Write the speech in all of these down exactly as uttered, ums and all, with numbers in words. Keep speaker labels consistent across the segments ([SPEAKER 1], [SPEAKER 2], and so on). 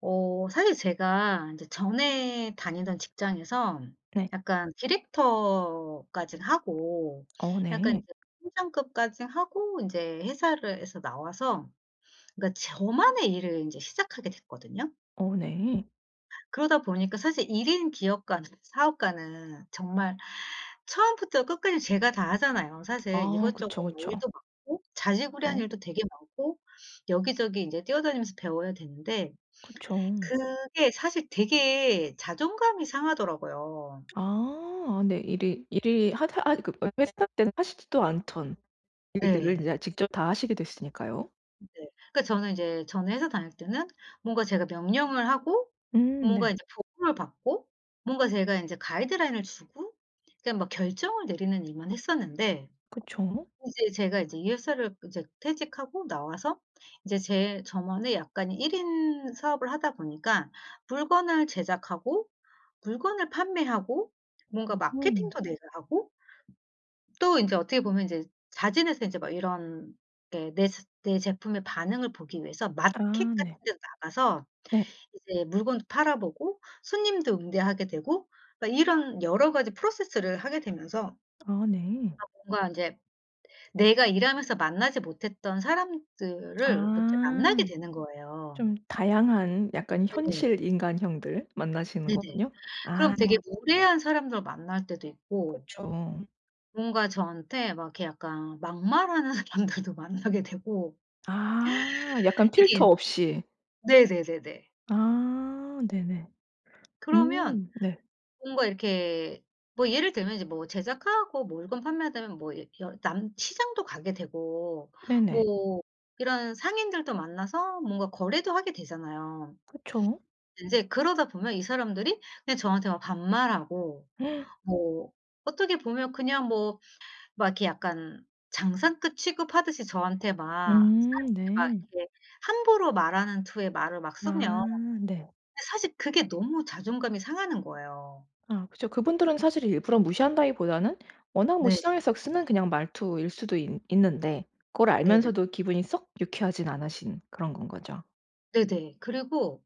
[SPEAKER 1] 어 사실 제가 전에 이제 다니던 직장에서
[SPEAKER 2] 네.
[SPEAKER 1] 약간 디렉터까진 하고
[SPEAKER 2] 어
[SPEAKER 1] 약간
[SPEAKER 2] 네.
[SPEAKER 1] 이제 팀장급까지 하고 인제 회사를 해서 나와서 그니까 저만의 일을 인제 시작하게 됐거든요.
[SPEAKER 2] 어 네.
[SPEAKER 1] 그러다 보니까 사실 일 인 기업가는 사업가는 정말 처음부터 끝까지 제가 다 하잖아요. 사실
[SPEAKER 2] 아
[SPEAKER 1] 이것저것
[SPEAKER 2] 그쵸,
[SPEAKER 1] 뭐
[SPEAKER 2] 그쵸.
[SPEAKER 1] 일도 많고 자질구레한
[SPEAKER 2] 그죠.
[SPEAKER 1] 일도 되게 많고 여기저기 이제 뛰어다니면서 배워야 되는데
[SPEAKER 2] 그쵸.
[SPEAKER 1] 그게 사실 되게 자존감이 상하더라고요.
[SPEAKER 2] 아 네 일이 일이 하더 하 그 회사 때는 하시지도 않던 일들을 인제
[SPEAKER 1] 네.
[SPEAKER 2] 아 직접 다 하시게 됐으니까요.
[SPEAKER 1] 네. 그니까 저는 이제 전 회사 다닐 때는 뭔가 제가 명령을 하고
[SPEAKER 2] 음
[SPEAKER 1] 뭔가
[SPEAKER 2] 네.
[SPEAKER 1] 이제 보고를 받고 뭔가 제가 인제 가이드라인을 주고 그러니까 막 결정을 내리는 일만 했었는데
[SPEAKER 2] 그쵸?
[SPEAKER 1] 이제 제가 이제 이 회사를 이제 퇴직하고 나와서 이제 제 저만의 약간의 일 인 사업을 하다 보니까 물건을 제작하고 물건을 판매하고 뭔가
[SPEAKER 2] 으흠.
[SPEAKER 1] 마케팅도 내가 하고 또 인제 어떻게 보면 인제 자진해서 인제 막 이런 데 내 스 내 제품의 반응을 보기 위해서 마켓
[SPEAKER 2] 아
[SPEAKER 1] 같은
[SPEAKER 2] 네.
[SPEAKER 1] 데도 나가서
[SPEAKER 2] 네.
[SPEAKER 1] 이제 물건도 팔아 보고 손님도 응대하게 되고 막 이런 여러 가지 프로세스를 하게 되면서
[SPEAKER 2] 아 네.
[SPEAKER 1] 아 뭔가 인제 내가 일하면서 만나지 못했던 사람들을 뭐 이렇게 만나게
[SPEAKER 2] 아.
[SPEAKER 1] 되는 거예요.
[SPEAKER 2] 좀 다양한 약간
[SPEAKER 1] 네.
[SPEAKER 2] 현실 인간형들 만나시는
[SPEAKER 1] 네네.
[SPEAKER 2] 거군요.
[SPEAKER 1] 그럼
[SPEAKER 2] 아.
[SPEAKER 1] 되게 무례한 사람들을 만날 때도 있고
[SPEAKER 2] 그쵸.
[SPEAKER 1] 뭔가 저한테 막 이렇게 약간 막말하는 사람들도 만나게 되고
[SPEAKER 2] 아 약간
[SPEAKER 1] 이게
[SPEAKER 2] 필터 없이.
[SPEAKER 1] 네네네네.
[SPEAKER 2] 아 네네.
[SPEAKER 1] 그러면
[SPEAKER 2] 음 네.
[SPEAKER 1] 뭔가 이렇게 뭐 예를 들면 이제 뭐 제작하고 뭐 물건 판매되면 뭐 여 남 시장도 가게 되고
[SPEAKER 2] 네네.
[SPEAKER 1] 뭐 이런 상인들도 만나서 뭔가 거래도 하게 되잖아요.
[SPEAKER 2] 그쵸.
[SPEAKER 1] 인제 그러다 보면 이 사람들이 그냥 저한테 막 반말하고 뭐 어떻게 보면 그냥 뭐 막 이렇게 약간 장사꾼 취급하듯이 저한테 막
[SPEAKER 2] 음
[SPEAKER 1] 사람들이 막
[SPEAKER 2] 네.
[SPEAKER 1] 이렇게 함부로 말하는 투의 말을 막 쓰면
[SPEAKER 2] 아 네.
[SPEAKER 1] 사실 그게 너무 자존감이 상하는 거예요.
[SPEAKER 2] 아 그쵸. 그분들은 사실 일부러 무시한다기보다는 워낙 뭐
[SPEAKER 1] 네.
[SPEAKER 2] 시장에서 쓰는 그냥 말투일 수도 있 있는데 그걸
[SPEAKER 1] 네네.
[SPEAKER 2] 알면서도 기분이 썩 유쾌하지 않으신 그런 건 거죠.
[SPEAKER 1] 네네. 그리고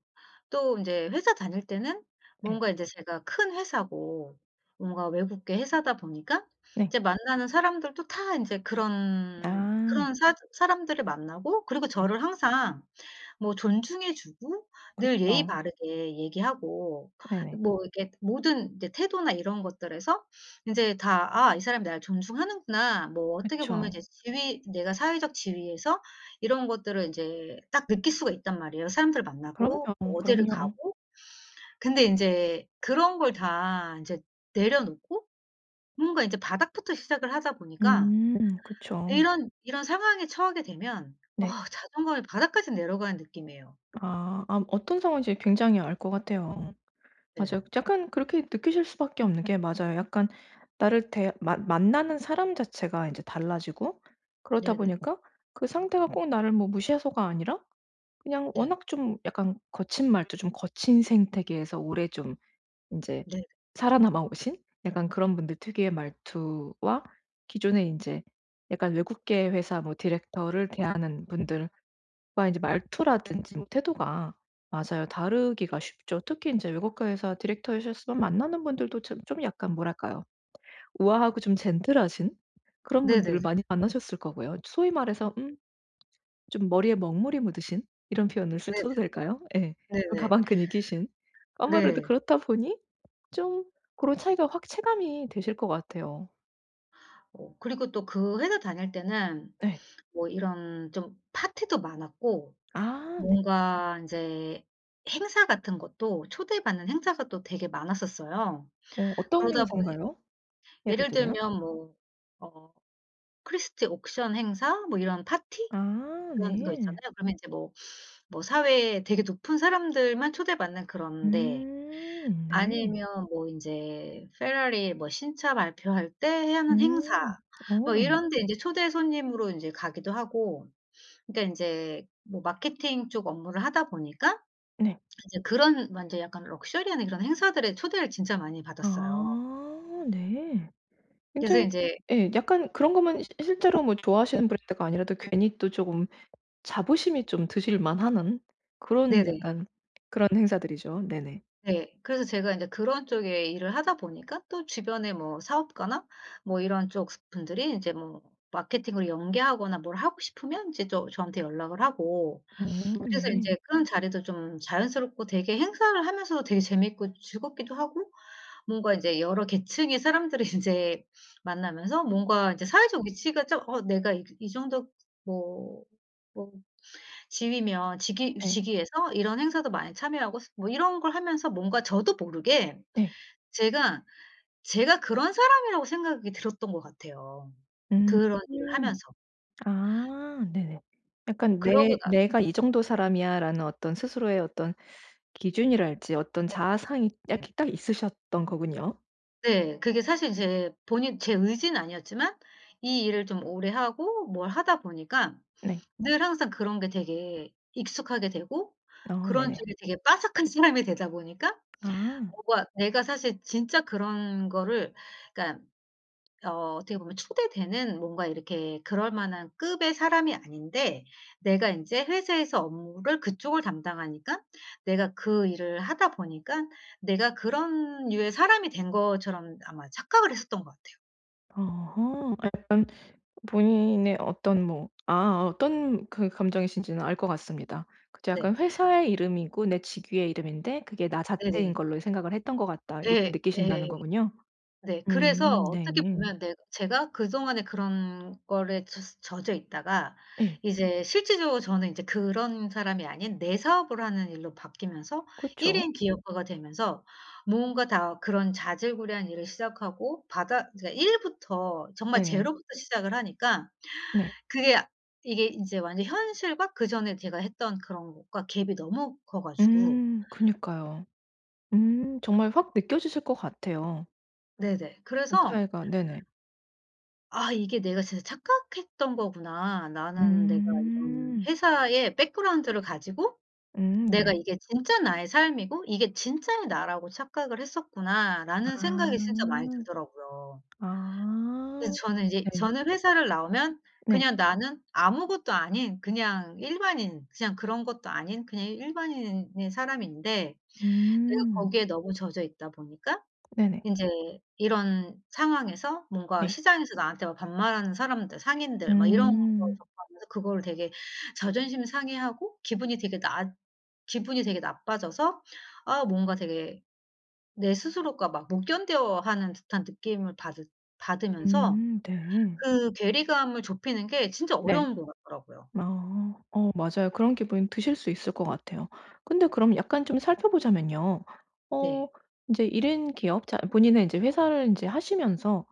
[SPEAKER 1] 또 인제 회사 다닐 때는
[SPEAKER 2] 예.
[SPEAKER 1] 뭔가 인제 제가 큰 회사고 뭔가 외국계 회사다 보니까
[SPEAKER 2] 네.
[SPEAKER 1] 이제 만나는 사람들도 다 인제 그런
[SPEAKER 2] 아.
[SPEAKER 1] 그런 사 사람들을 만나고 그리고
[SPEAKER 2] 네.
[SPEAKER 1] 저를 항상 뭐 존중해 주고 늘 예의
[SPEAKER 2] 그쵸.
[SPEAKER 1] 바르게 얘기하고
[SPEAKER 2] 네네.
[SPEAKER 1] 뭐 이렇게 모든 이제 태도나 이런 것들에서 인제 다 '아 이 사람이 나를 존중하는구나.' 뭐 어떻게 보면
[SPEAKER 2] 그쵸.
[SPEAKER 1] 이제 지위 내가 사회적 지위에서 이런 것들을 인제 딱 느낄 수가 있단 말이에요, 사람들을 만나고
[SPEAKER 2] 그럼요,
[SPEAKER 1] 어디를
[SPEAKER 2] 그럼요.
[SPEAKER 1] 가고. 근데 인제 그런 걸 다 인제 내려놓고 뭔가 인제 바닥부터 시작을 하다 보니까
[SPEAKER 2] 음 그쵸.
[SPEAKER 1] 이런 이런 상황에 처하게 되면 어
[SPEAKER 2] 네.
[SPEAKER 1] 자존감이 바닥까지 내려가는 느낌이에요.
[SPEAKER 2] 아. 아 어떤 상황인지 굉장히 알 것 같아요. 맞아요.
[SPEAKER 1] 네.
[SPEAKER 2] 약간 그렇게 느끼실 수 밖에 없는 게 맞아요. 약간 나를 대 만 만나는 사람 자체가 이제 달라지고 그렇다
[SPEAKER 1] 네네.
[SPEAKER 2] 보니까 그 상대가 꼭 나를 뭐 무시해서가 아니라 그냥
[SPEAKER 1] 네.
[SPEAKER 2] 워낙 좀 약간 거친 말투 좀 거친 생태계에서 오래 좀 인제
[SPEAKER 1] 네.
[SPEAKER 2] 살아남아 오신 약간 그런 분들 특유의 말투와 기존에 인제 약간 외국계 회사 뭐 디렉터를 대하는 분들과 이제 말투라든지 태도가 맞아요. 다르기가 쉽죠. 특히 이제 외국회사 디렉터 하셨으면 만나는 분들도 참 좀 약간 뭐랄까요. 우아하고 좀 젠틀하신 그런 분들을
[SPEAKER 1] 네네네.
[SPEAKER 2] 많이 만나셨을 거고요. 소위 말해서 음 좀 머리에 먹물이 묻으신 이런 표현을 쓰-
[SPEAKER 1] 네네.
[SPEAKER 2] 써도 될까요? 예.
[SPEAKER 1] 네네.
[SPEAKER 2] 가방 끈이 기신? 아무래도
[SPEAKER 1] 네.
[SPEAKER 2] 그렇다 보니 좀 고런 차이가 확 체감이 되실 것 같아요.
[SPEAKER 1] 어 그리고 또 그 회사 다닐 때는
[SPEAKER 2] 예.
[SPEAKER 1] 뭐 이런 좀 파티도 많았고
[SPEAKER 2] 아 네.
[SPEAKER 1] 뭔가 인제 행사 같은 것도 초대받는 행사가 또 되게 많았었어요.
[SPEAKER 2] 어 어떤
[SPEAKER 1] 그러다 보니
[SPEAKER 2] 행사인가요? 예를
[SPEAKER 1] 예를
[SPEAKER 2] 들면?
[SPEAKER 1] 들면 뭐 어 크리스티 옥션 행사 뭐 이런 파티
[SPEAKER 2] 아
[SPEAKER 1] 이런 거
[SPEAKER 2] 네.
[SPEAKER 1] 있잖아요. 그러면 이제 뭐 뭐 사회에 되게 높은 사람들만 초대받는 그런 데
[SPEAKER 2] 음 네.
[SPEAKER 1] 아니면 뭐 인제 페라리 뭐 신차 발표할 때 하는 행사
[SPEAKER 2] 음. 어
[SPEAKER 1] 뭐
[SPEAKER 2] 네.
[SPEAKER 1] 이런데 인제 초대 손님으로 인제 가기도 하고 근데 인제 뭐 마케팅 쪽 업무를 하다 보니까
[SPEAKER 2] 네.
[SPEAKER 1] 이제 그런 완전 약간 럭셔리한 이런 행사들에 초대를 진짜 많이 받았어요.
[SPEAKER 2] 아 네.
[SPEAKER 1] 그래서
[SPEAKER 2] 굉장히
[SPEAKER 1] 인제
[SPEAKER 2] 예 약간 그런 것만 실 실제로 뭐 좋아하시는 브랜드가 아니라도 괜히 또 쪼금 자부심이 좀 드실 만하는 그런
[SPEAKER 1] 네네.
[SPEAKER 2] 약간 그런 행사들이죠. 네네.
[SPEAKER 1] 네. 그래서 제가 인제 그런 쪽에 일을 하다 보니까 또 주변에 뭐 사업가나 뭐 이런 쪽 스 분들이 인제 뭐 마케팅을 연계하거나 뭘 하고 싶으면 이제 또 저한테 연락을 하고
[SPEAKER 2] 어
[SPEAKER 1] 그래서
[SPEAKER 2] 네.
[SPEAKER 1] 인제 그런 자리도 좀 자연스럽고 되게 행사를 하면서도 되게 재밌고 즐겁기도 하고 뭔가 이제 여러 계층의 사람들을 인제 만나면서 뭔가 이제 사회적 위치가 좀 어 내가 이 이 정도 뭐 뭐 지위면 직위
[SPEAKER 2] 예.
[SPEAKER 1] 직위에서 이런 행사도 많이 참여하고 스 뭐 이런 걸 하면서 뭔가 저도 모르게
[SPEAKER 2] 네.
[SPEAKER 1] 제가, 제가 그런 사람이라고 생각이 들었던 것 같아요,
[SPEAKER 2] 음.
[SPEAKER 1] 그런 일을 하면서.
[SPEAKER 2] 아 네네. 약간
[SPEAKER 1] 그러고
[SPEAKER 2] '내
[SPEAKER 1] 나
[SPEAKER 2] 내가 이 정도 사람이야.'라는 어떤 스스로의 어떤 기준이랄지 어떤 자아상이 약 이 딱 있으셨던 거군요.
[SPEAKER 1] 네 그게 사실 제 본인 제 의지는 아니었지만 이 일을 좀 오래 하고 뭘 하다 보니까
[SPEAKER 2] 네.
[SPEAKER 1] 늘 항상 그런 게 되게 익숙하게 되고
[SPEAKER 2] 아
[SPEAKER 1] 그런
[SPEAKER 2] 네네.
[SPEAKER 1] 쪽이 되게 빠삭한 사람이 되다 보니까
[SPEAKER 2] 아.
[SPEAKER 1] 뭔가 내가 사실 진짜 그런 거를 그니까 어 어떻게 보면 초대되는 뭔가 이렇게 그럴 만한 급의 사람이 아닌데 내가 인제 회사에서 업무를 그쪽을 담당하니까 내가 그 일을 하다 보니깐 내가 그런 류의 사람이 된 것처럼 아마 착각을 했었던 것 같아요.
[SPEAKER 2] 어허. 약간 본인의 어떤 뭐 아 어떤 그 감정이신지는 알 것 같습니다. 그쵸.
[SPEAKER 1] 네.
[SPEAKER 2] 약간 '회사의 이름이고 내 직위의 이름인데 그게 나 자체인
[SPEAKER 1] 네네.
[SPEAKER 2] 걸로 생각을 했던 것 같다.' 요렇게
[SPEAKER 1] 네.
[SPEAKER 2] 느끼신다는
[SPEAKER 1] 예.
[SPEAKER 2] 거군요.
[SPEAKER 1] 네 그래서
[SPEAKER 2] 음 네.
[SPEAKER 1] 어떻게 보면 내 제가 그동안에 그런 걸에 젖 젖어 있다가
[SPEAKER 2] 예.
[SPEAKER 1] 이제 실제적으로 저는 이제 그런 사람이 아닌 내 사업을 하는 일로 바뀌면서 일
[SPEAKER 2] 그쵸.
[SPEAKER 1] 인 기업가가 되면서 무언가 다 그런 자질구레한 일을 시작하고 바닥 이제 일 부터 정말
[SPEAKER 2] 네네.
[SPEAKER 1] 제로 부터 시작을 하니까
[SPEAKER 2] 네.
[SPEAKER 1] 그게 이게 이제 완전히 현실과 그전에 제가 했던 그런 것과 갭이 너무 커 가지고
[SPEAKER 2] 음 그니까요. 음 정말 확 느껴지실 것 같아요.
[SPEAKER 1] 네네.
[SPEAKER 2] 돈
[SPEAKER 1] 그래서
[SPEAKER 2] 차이가 네네.
[SPEAKER 1] '아 이게 내가 진짜 착각했던 거구나. 나는 내가 이런
[SPEAKER 2] 음.
[SPEAKER 1] 회사의 백그라운드를 가지고
[SPEAKER 2] 음
[SPEAKER 1] 내가
[SPEAKER 2] 네.
[SPEAKER 1] 이게 진짜 나의 삶이고 이게 진짜의 나라고 착각을 했었구나.'라는 생각이 진짜 많이
[SPEAKER 2] 아.
[SPEAKER 1] 들더라고요. 그래서
[SPEAKER 2] 아.
[SPEAKER 1] 저는 인제
[SPEAKER 2] 네.
[SPEAKER 1] 저는 회사를 나오면
[SPEAKER 2] 네.
[SPEAKER 1] 그냥 나는 아무것도 아닌 그냥 일반인 그냥 그런 것도 아닌 그냥 일반인인 사람인데 내가
[SPEAKER 2] 음.
[SPEAKER 1] 거기에 너무 젖어 있다 보니까
[SPEAKER 2] 네네.
[SPEAKER 1] 인제 이런 상황에서 뭔가
[SPEAKER 2] 네.
[SPEAKER 1] 시장에서 나한테 막 반말하는 사람들, 상인들 막 이런 걸
[SPEAKER 2] 음.
[SPEAKER 1] 접하면서 그거를 되게 자존심 상해 하고 기분이 되게 났 기분이 되게 나빠져서 아 뭔가 되게 내 스스로가 막 못 견뎌 하는 듯한 느낌을 받으 받으면서
[SPEAKER 2] 음 네.
[SPEAKER 1] 그 괴리감을 좁히는 게 진짜
[SPEAKER 2] 네.
[SPEAKER 1] 어려운 것 같더라고요.
[SPEAKER 2] 아. 어 맞아요. 그런 기분이 드실 수 있을 것 같아요. 근데 그럼 약간 좀 살펴보자면요.
[SPEAKER 1] 네.
[SPEAKER 2] 어 인제 일 인 기업 자 본인의 인제 회사를 인제 하시면서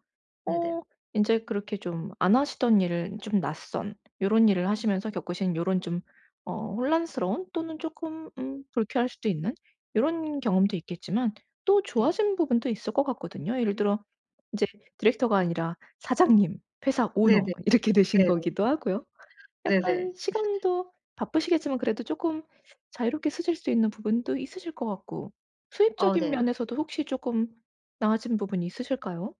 [SPEAKER 1] 네네.
[SPEAKER 2] 어 인제 그렇게 좀 안 하시던 일을 좀 낯선 요런 일을 하시면서 겪으신 요런 좀 어 혼란스러운 또는 쪼끔 음 불쾌할 수도 있는 요런 경험도 있겠지만 또
[SPEAKER 1] 네.
[SPEAKER 2] 좋아진 부분도 있을 거 같거든요. 예를 들어 인제 디렉터가 아니라 사장님, 회사 오너
[SPEAKER 1] 네네.
[SPEAKER 2] 이렇게 되신
[SPEAKER 1] 네네.
[SPEAKER 2] 거기도 하고요. 약간
[SPEAKER 1] 네네.
[SPEAKER 2] 시간도 바쁘시겠지만 그래도 쪼끔 자유롭게 쓰실 수 있는 부분도 있으실 것 같고
[SPEAKER 1] 어
[SPEAKER 2] 수입적인
[SPEAKER 1] 네.
[SPEAKER 2] 면에서도 혹시 쪼끔 나아진 부분이 있으실까요?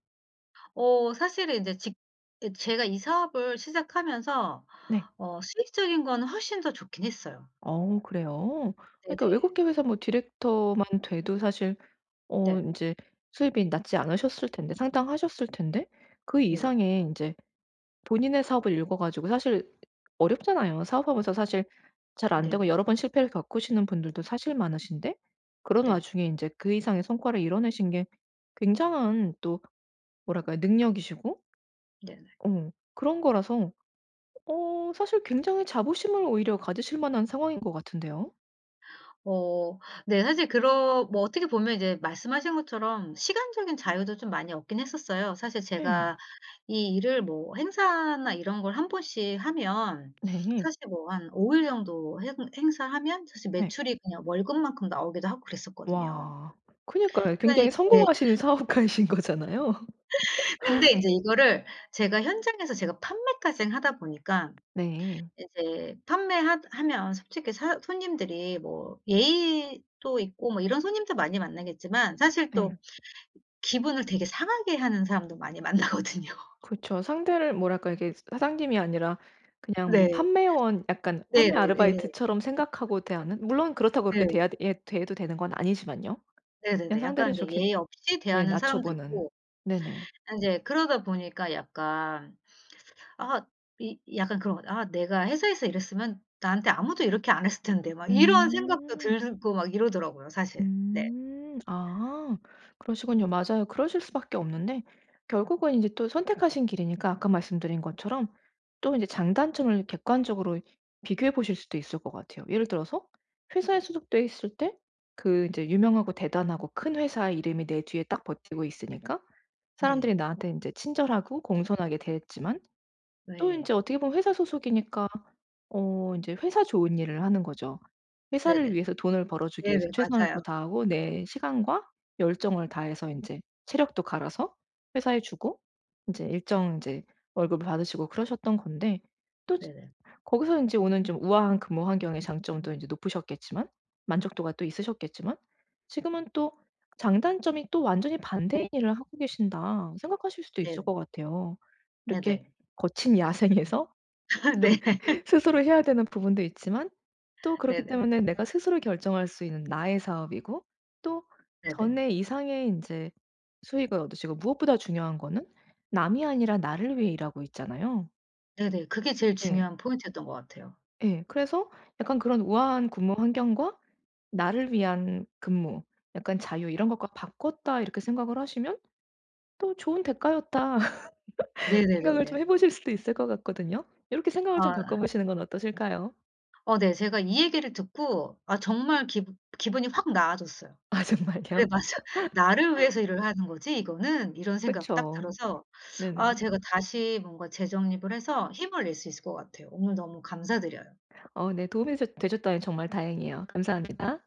[SPEAKER 1] 어 사실은 인제 직 예 제가 이 사업을 시작하면서
[SPEAKER 2] 네.
[SPEAKER 1] 어 수익적인 거는 훨씬 더 좋긴 했어요.
[SPEAKER 2] 어 그래요? 그러니까
[SPEAKER 1] 네네.
[SPEAKER 2] 외국계 회사 뭐 디렉터만 돼도 사실 어
[SPEAKER 1] 네.
[SPEAKER 2] 인제 수입이 낮지 않으셨을 텐데 상당하셨을 텐데 그
[SPEAKER 1] 네네.
[SPEAKER 2] 이상의 인제 본인의 사업을 일궈 가지고 사실 어렵잖아요. 사업하면서 사실 잘
[SPEAKER 1] 네네.
[SPEAKER 2] 안되고 여러 번 실패를 겪으시는 분들도 사실 많으신데 그런
[SPEAKER 1] 네.
[SPEAKER 2] 와중에 인제 그 이상의 성과를 이뤄내신 게 굉장한 또 뭐랄까요 능력이시고
[SPEAKER 1] 네네.
[SPEAKER 2] 어 그런 거라서 어 사실 굉장히 자부심을 오히려 가지실 만한 상황인 것 같은데요.
[SPEAKER 1] 어 네 사실 그러 뭐 어떻게 보면 이제 말씀하신 것처럼 시간적인 자유도 좀 많이 얻긴 했었어요. 사실
[SPEAKER 2] 예.
[SPEAKER 1] 제가 이 일을 뭐 행사나 이런 걸 한 번씩 하면
[SPEAKER 2] 네.
[SPEAKER 1] 사실 뭐 한 오 일 정도 행 행사하면 사실
[SPEAKER 2] 네.
[SPEAKER 1] 매출이 그냥 월급만큼 나오기도 하고 그랬었거든요.
[SPEAKER 2] 와. 그니까요.
[SPEAKER 1] 그래
[SPEAKER 2] 굉장히
[SPEAKER 1] 이게
[SPEAKER 2] 성공하시는 사업가이신 거잖아요.
[SPEAKER 1] 근데 이제 이거를 제가 현장에서 제가 판매까진 하다 보니까
[SPEAKER 2] 네.
[SPEAKER 1] 이제 판매하 하면 솔직히 사 손님들이 뭐 예의도 있고 뭐 이런 손님들 많이 만나겠지만 사실 또
[SPEAKER 2] 네.
[SPEAKER 1] 기분을 되게 상하게 하는 사람도 많이 만나거든요.
[SPEAKER 2] 그쵸. 상대를 뭐랄까 이게 사장님이 아니라 그냥 뭐
[SPEAKER 1] 네.
[SPEAKER 2] 판매원 약간 판매
[SPEAKER 1] 네네네.
[SPEAKER 2] 아르바이트처럼 생각하고 대하는 물론 그렇다고
[SPEAKER 1] 네.
[SPEAKER 2] 그렇게 대하듯 예 대해도 되는 건 아니지만요. 그냥
[SPEAKER 1] 네네네. 약간
[SPEAKER 2] 상대를
[SPEAKER 1] 이제
[SPEAKER 2] 그렇게
[SPEAKER 1] 예의 없이
[SPEAKER 2] 예
[SPEAKER 1] 대하는
[SPEAKER 2] 낮춰
[SPEAKER 1] 사람도
[SPEAKER 2] 보는
[SPEAKER 1] 있고.
[SPEAKER 2] 네네.
[SPEAKER 1] 인제 그러다 보니까 약간 아 이 약간 그런 것 같아. '아 내가 회사에서 일했으면 나한테 아무도 이렇게 안 했을 텐데.' 막 이런 생각도
[SPEAKER 2] 음.
[SPEAKER 1] 들고 막 이러더라고요 사실.
[SPEAKER 2] 음
[SPEAKER 1] 네.
[SPEAKER 2] 아 그러시군요. 맞아요. 그러실 수밖에 없는데 결국은 이제 또 선택하신 길이니까 아까 말씀드린 것처럼 또 이제 장단점을 객관적으로 비교해 보실 수도 있을 것 같아요. 예를 들어서 회사에 소속돼 있을 때 그 인제 유명하고 대단하고 큰 회사의 이름이 내 뒤에 딱 버티고 있으니까
[SPEAKER 1] 네.
[SPEAKER 2] 사람들이 나한테 인제 친절하고 공손하게 대했지만 또
[SPEAKER 1] 네.
[SPEAKER 2] 인제 어떻게 보면 회사 소속이니까 어 인제 회사 좋은 일을 하는 거죠. 회사를
[SPEAKER 1] 네네.
[SPEAKER 2] 위해서 돈을 벌어주기 위해서
[SPEAKER 1] 네네
[SPEAKER 2] 최선을 또
[SPEAKER 1] 맞아요.
[SPEAKER 2] 다하고 내 시간과 열정을 다해서 인제 체력도 갈아서 회사에 주고 인제 일정 이제 월급을 받으시고 그러셨던 건데 또 즈
[SPEAKER 1] 네네.
[SPEAKER 2] 거기서 인제 오는 좀 우아한 근무 환경의 장점도 인제 높으셨겠지만 만족도가 또 있으셨겠지만 지금은 또 '장단점이 또 완전히 반대인 일을 하고 계신다.' 생각하실 수도 있을
[SPEAKER 1] 네.
[SPEAKER 2] 것 같아요.
[SPEAKER 1] 네네.
[SPEAKER 2] 이렇게 거친 야생에서 좀
[SPEAKER 1] 네.
[SPEAKER 2] 스스로 해야 되는 부분도 있지만 또 그렇기
[SPEAKER 1] 네네.
[SPEAKER 2] 때문에 내가 스스로 결정할 수 있는 나의 사업이고 또
[SPEAKER 1] 네네.
[SPEAKER 2] 전에 이상의 인제 수익을 얻으시고 무엇보다 중요한 거는 남이 아니라 나를 위해 일하고 있잖아요.
[SPEAKER 1] 네네. 그게 제일
[SPEAKER 2] 예.
[SPEAKER 1] 중요한 포인트였던 것 같아요.
[SPEAKER 2] 예 그래서 약간 그런 '우아한 근무 환경과 나를 위한 근무 약간 자유 이런 것과 바꿨다.' 이렇게 생각을 하시면 또 '좋은 대가였다.' 각을 좀
[SPEAKER 1] 네네네.
[SPEAKER 2] 해 보실 수도 있을 것 같거든요. 요렇게 생각을 좀
[SPEAKER 1] 아.
[SPEAKER 2] 바꿔 보시는 건 어떠실까요?
[SPEAKER 1] 어 네 제가 이 얘기를 듣고 아 정말 기분 기분이 확 나아졌어요.
[SPEAKER 2] 아
[SPEAKER 1] '그래
[SPEAKER 2] 정말요?
[SPEAKER 1] 맞아. 나를 위해서 일을 하는 거지 이거는.' 이런 생각 딱
[SPEAKER 2] 그쵸.
[SPEAKER 1] 들어서 아
[SPEAKER 2] 네네.
[SPEAKER 1] 제가 다시 뭔가 재정립을 해서 힘을 낼 수 있을 것 같아요. 오늘 너무 감사드려요.
[SPEAKER 2] 어 네 도움이셔 되셨다니 정말 다행이에요. 감사합니다.